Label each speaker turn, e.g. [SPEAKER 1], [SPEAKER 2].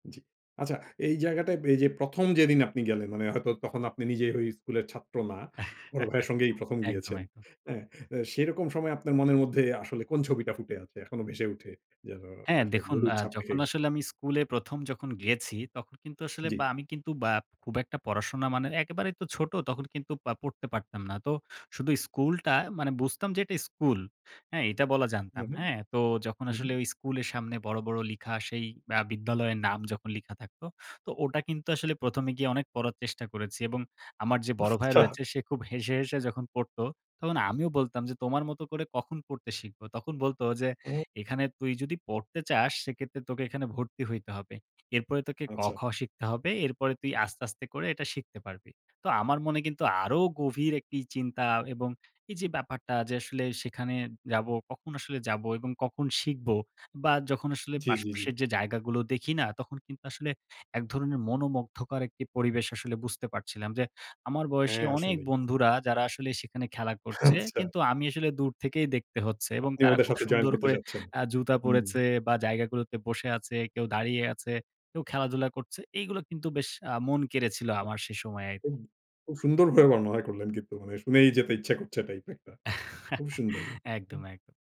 [SPEAKER 1] জি। আচ্ছা এই জায়গাটায় এই যে ১ম যেদিন আপনি গেলেন, মানে হয়তো তখন আপনি নিজে ঐ স্কুলের ছাত্র না। বড় ভাইয়ের সঙ্গেই প্রথম
[SPEAKER 2] একদম,
[SPEAKER 1] গিয়েছেন
[SPEAKER 2] একদম।
[SPEAKER 1] অ্যা আ সেইরকম সময় আপনার মনের মধ্যে আসলে কোন ছবিটা ফুটে আছে? এখনো ভেসে উঠে, যেন
[SPEAKER 2] হ্যাঁ,
[SPEAKER 1] একটা
[SPEAKER 2] দেখুন
[SPEAKER 1] গভীর
[SPEAKER 2] আ
[SPEAKER 1] ছাপ রেখে
[SPEAKER 2] যখন
[SPEAKER 1] গেছে?
[SPEAKER 2] আসলে আমি স্কুলে প্রথম যখন গিয়েছি, তখন কিন্তু আসলে
[SPEAKER 1] জ্বি।
[SPEAKER 2] বা আমি কিন্তু বা খুব একটা পড়াশোনা মানে একেবারে তো ছোট, তখন কিন্তু পা পড়তে পারতাম না। তো শুধু স্কুলটা মানে বুঝতাম যে এটা স্কুল। হ্যাঁ, এটা বলা
[SPEAKER 1] হুম,
[SPEAKER 2] জানতাম,
[SPEAKER 1] হুম।
[SPEAKER 2] হ্যাঁ? তো যখন
[SPEAKER 1] হুম,
[SPEAKER 2] আসলে
[SPEAKER 1] হুম।
[SPEAKER 2] ওই স্কুলের সামনে বড়, বড় লিখা সেই আ বিদ্যালয়ের নাম যখন লিখা থাকতো, তো ওটা কিন্তু আসলে প্রথমে গিয়ে অনেক পড়ার চেষ্টা করেছি এবং আমার যে বড় ভাই
[SPEAKER 1] আচ্ছা!
[SPEAKER 2] রয়েছে, সে খুব হেসে, হেসে যখন পড়ত, তখন আমিও বলতাম যে, "তোমার মতো করে কখন পড়তে শিখব?" তখন বলত যে,
[SPEAKER 1] উম
[SPEAKER 2] "এখানে তুই যদি পড়তে চাস, সেক্ষেত্রে তোকে এখানে ভর্তি হইতে হবে। এরপরে তোকে
[SPEAKER 1] আচ্ছা।
[SPEAKER 2] কখ শিখতে হবে। এরপরে তুই আস্তে, আস্তে করে এটা শিখতে পারবি।" তো আমার মনে কিন্তু আরও গভীর একটি চিন্তা এবং এই যে ব্যাপারটা যে আসলে সেখানে যাবো, কখন আসলে যাবো এবং কখন শিখবো বা যখন আসলে
[SPEAKER 1] জি,
[SPEAKER 2] পাশ
[SPEAKER 1] জি, জি।
[SPEAKER 2] পাশের যে জায়গাগুলো দেখি না, তখন কিন্তু আসলে এক ধরনের মনোমুগ্ধকার একটি পরিবেশ আসলে বুঝতে পারছিলাম যে, আমার বয়সী
[SPEAKER 1] হ্যাঁ,
[SPEAKER 2] অনেক
[SPEAKER 1] আসলেই।
[SPEAKER 2] বন্ধুরা যারা আসলে সেখানে খেলা করছে,
[SPEAKER 1] আচ্ছা!
[SPEAKER 2] কিন্তু আমি আসলে দূর থেকেই দেখতে হচ্ছে এবং
[SPEAKER 1] আপনিও
[SPEAKER 2] তারা
[SPEAKER 1] ওদের
[SPEAKER 2] খুব
[SPEAKER 1] সাথে জয়েন
[SPEAKER 2] সুন্দর
[SPEAKER 1] করতে
[SPEAKER 2] করে
[SPEAKER 1] যাচ্ছেন।
[SPEAKER 2] আ জুতা
[SPEAKER 1] হুম।
[SPEAKER 2] পরেছে বা জায়গাগুলোতে বসে আছে, কেউ দাঁড়িয়ে আছে, কেউ খেলাধুলা করছে। এইগুলো কিন্তু বেশ আ মন কেড়েছিল আমার সে সময়ে।
[SPEAKER 1] হুম, খুব সুন্দর ভাবে বর্ণনা করলেন কিন্তু, মানে শুনেই যেতে ইচ্ছা করছে টাইপ একটা। খুব সুন্দর,
[SPEAKER 2] একদম,
[SPEAKER 1] হুম।
[SPEAKER 2] একদ